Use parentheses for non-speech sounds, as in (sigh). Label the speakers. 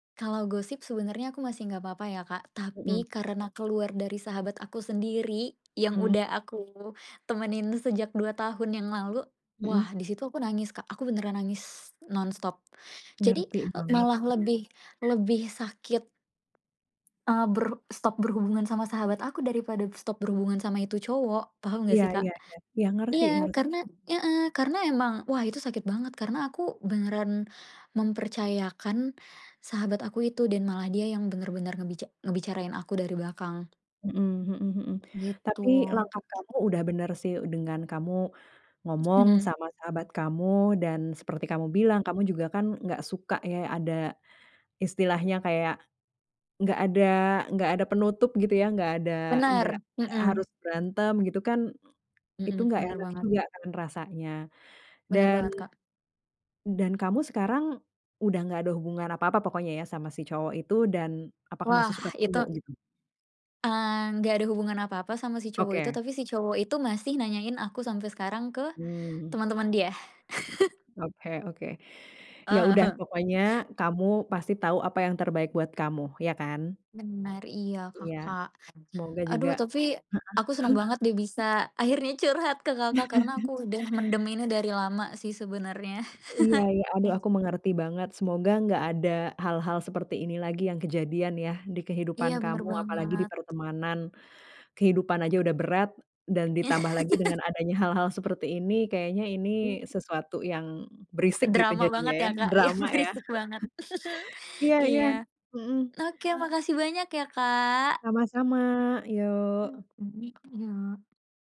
Speaker 1: Kalau gosip, sebenarnya aku masih nggak apa-apa ya, Kak.
Speaker 2: Mhm.
Speaker 1: Tapi, karena keluar dari sahabat aku sendiri, yang
Speaker 2: Mmm.
Speaker 1: udah aku temenin sejak 2 tahun yang lalu, wah!
Speaker 2: Heeh.
Speaker 1: Di situ aku nangis, Kak. Aku beneran nangis, non-stop. Jadi,
Speaker 2: Ngerti
Speaker 1: e
Speaker 2: banget,
Speaker 1: malah
Speaker 2: iya.
Speaker 1: lebih lebih sakit, eee, ber stop berhubungan sama sahabat aku, daripada stop berhubungan sama itu cowok. Paham nggak
Speaker 2: Iya
Speaker 1: sih, Kak?
Speaker 2: iya iya. Iya, ngerti
Speaker 1: Iya,
Speaker 2: nger
Speaker 1: karena heeh. Karena emang, wah, itu sakit banget. Karena aku beneran mempercayakan sahabat aku itu, dan malah dia yang benar-benar ngebica ngebicarain aku dari belakang.
Speaker 2: Mhm mhm mhm.
Speaker 1: Gitu.
Speaker 2: Tapi, langkah kamu udah bener sih, dengan kamu ngomong
Speaker 1: (chuckles)
Speaker 2: sama sahabat kamu, dan seperti kamu bilang, kamu juga kan, nggak suka, ya, ada istilahnya kayak, nggak ada nggak ada penutup, gitu, ya? Nggak ada nggak
Speaker 1: Benar, mhm.
Speaker 2: harus berantem, gitu, kan, itu
Speaker 1: Heeh.
Speaker 2: nggak
Speaker 1: Benar
Speaker 2: enak
Speaker 1: banget.
Speaker 2: juga, kan, rasanya.
Speaker 1: Bener
Speaker 2: Dan
Speaker 1: banget, Kak.
Speaker 2: dan kamu sekarang, udah nggak ada hubungan apa-apa pokoknya, ya, sama si cowok itu, dan apakah
Speaker 1: Wah
Speaker 2: masih suka
Speaker 1: itu
Speaker 2: ketemu, gitu?
Speaker 1: Eee, nggak ada hubungan apa-apa sama si cowok itu,
Speaker 2: Oke.
Speaker 1: tapi si cowok itu masih nanyain aku sampai sekarang ke
Speaker 2: Mmm.
Speaker 1: teman-teman dia. (chuckles)
Speaker 2: Oke oke.
Speaker 1: Eee,
Speaker 2: Ya, udah,
Speaker 1: ah-hah.
Speaker 2: pokoknya kamu pasti tahu apa yang terbaik buat kamu. Ya kan?
Speaker 1: Bener. Iya,
Speaker 2: Iya.
Speaker 1: Kakak.
Speaker 2: Semoga juga
Speaker 1: Aduh,
Speaker 2: heeh.
Speaker 1: tapi aku seneng
Speaker 2: (chuckles)
Speaker 1: banget deh bisa akhirnya curhat ke Kakak, karena
Speaker 2: (chuckles)
Speaker 1: aku udah mendem ini dari lama sih, sebenernya.
Speaker 2: Iya iya. Aduh,
Speaker 1: (chuckles)
Speaker 2: aku mengerti banget. Semoga, nggak ada hal-hal seperti ini lagi, yang kejadian, ya? Di kehidupan
Speaker 1: Iya, bener
Speaker 2: kamu, apalagi di
Speaker 1: banget.
Speaker 2: pertemanan. Kehidupan aja udah berat, dan ditambah lagi dengan adanya
Speaker 1: (laughs)
Speaker 2: hal-hal seperti ini, kayaknya ini
Speaker 1: Mmm.
Speaker 2: sesuatu yang berisik gitu,
Speaker 1: Drama
Speaker 2: jadinya,
Speaker 1: banget,
Speaker 2: ya?
Speaker 1: ya, Kak?
Speaker 2: Drama,
Speaker 1: (chuckles)
Speaker 2: ya? (laughs)
Speaker 1: Berisik banget. (chuckles)
Speaker 2: Iya iya.
Speaker 1: Iya.
Speaker 2: Mhm.
Speaker 1: Oke, makasih banyak ya, Kak!
Speaker 2: Sama-sama! Yuk.
Speaker 1: Mhm. Yuk.